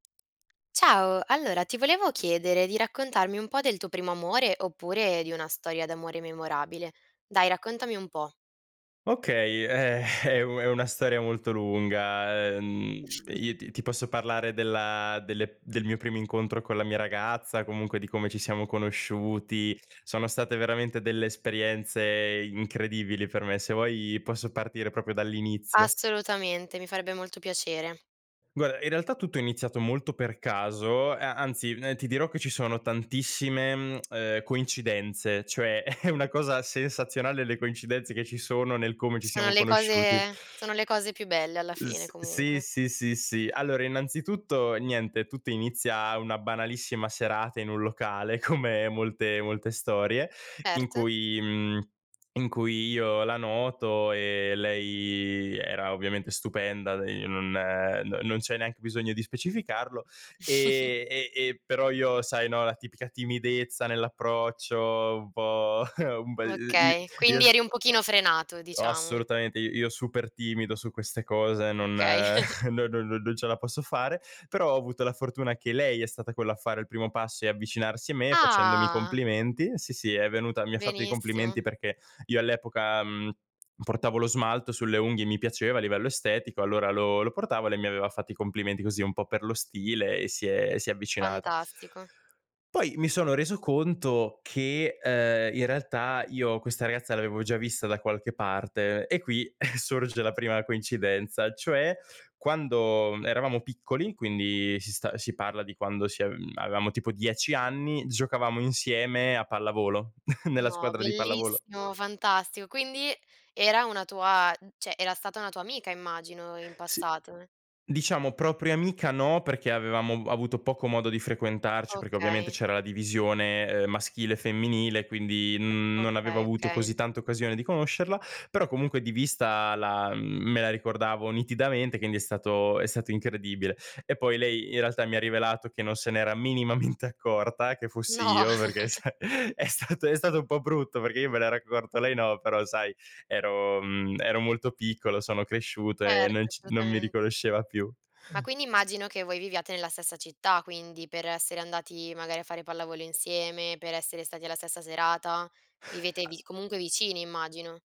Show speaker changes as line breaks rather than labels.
Ciao, allora ti volevo chiedere di raccontarmi un po' del tuo primo amore, oppure di una storia d'amore memorabile. Dai, raccontami un po'.
Okay, eh, è u è una storia molto lunga. Uhm, io t ti posso parlare della delle del mio primo incontro con la mia ragazza, comunque di come ci siamo conosciuti, sono state veramente delle esperienze incredibili per me. Se vuoi posso partire proprio dall'inizio.
Assolutamente, mi farebbe molto piacere.
Guarda, in realtà tutto è iniziato molto per caso, a anzi ti dirò che ci sono tantissime, mhmm, coincidenze, cioè è una cosa sensazionale, le coincidenze che ci sono nel come ci
Sono
siamo
le
conosciuti.
cose sono le cose più belle alla fine,
S sì,
comunque.
sì, sì, sì. Allora innanzitutto: niente, tutto inizia una banalissima serata in un locale come molte molte storie, in
Ert
cui, mhmm, in cui io la noto. E lei era ovviamente stupenda, de non non non c'è neanche bisogno di specificarlo. Ehm, e e però io, sai, no, la tipica timidezza nell'approccio un po', un be i i
Okay,
io
quindi
so
eri un pochino frenato diciamo.
assolutamente, i io super timido su queste cose, non
Okay.
no no non ce la posso fare. Però ho avuto la fortuna che lei è stata quella a fare il primo passo e avvicinarsi a me facendomi i
Ah!
complimenti sì, sì, è venuta mi ha fatto i
Benissimo.
complimenti perché io all'epoca, mhmm, portavo lo smalto sulle unghie, mi piaceva a livello estetico, allora lo lo portavo e lei mi aveva fatto i complimenti, così un po' per lo stile, e si è si è avvicinata
Fantastico.
poi, mi sono reso conto che, ehm, in realtà io questa ragazza l'avevo già vista da qualche parte. E qui sorge la prima coincidenza, cioè quando eravamo piccoli, quindi si sta si parla di quando si a avevamo tipo 10 anni, giocavamo insieme a pallavolo, nella
No,
squadra di pallavolo.
bellissimo, fantastico. Quindi, era una tua cioè, era stata una tua amica immagino, in
S
passato.
diciamo propria amica, no, perché avevamo avuto poco modo di frequentarci, perché ovviamente
Okay.
c'era la divisione, ehm, maschile e femminile. Quindi, mhmm, non avevo
Okay,
avuto
okay.
così tanta occasione di conoscerla, però comunque di vista la me la ricordavo nitidamente, quindi è stato è stato incredibile. E poi lei, in realtà mi ha rivelato che non se n'era minimamente accorta che fossi
No.
io, perché, sa è stato è stato un po' brutto, perché io me n'ero accorto, lei no. Però, sai, ero, mhmm, ero molto piccolo, sono cresciuto e
Ert
non ci non mi
assolutamen
riconosceva più.
Ma quindi, immagino che voi viviate nella stessa città quindi, per essere andati magari a fare pallavolo insieme, per essere stati alla stessa serata, vivete
Al
vi comunque vicini immagino.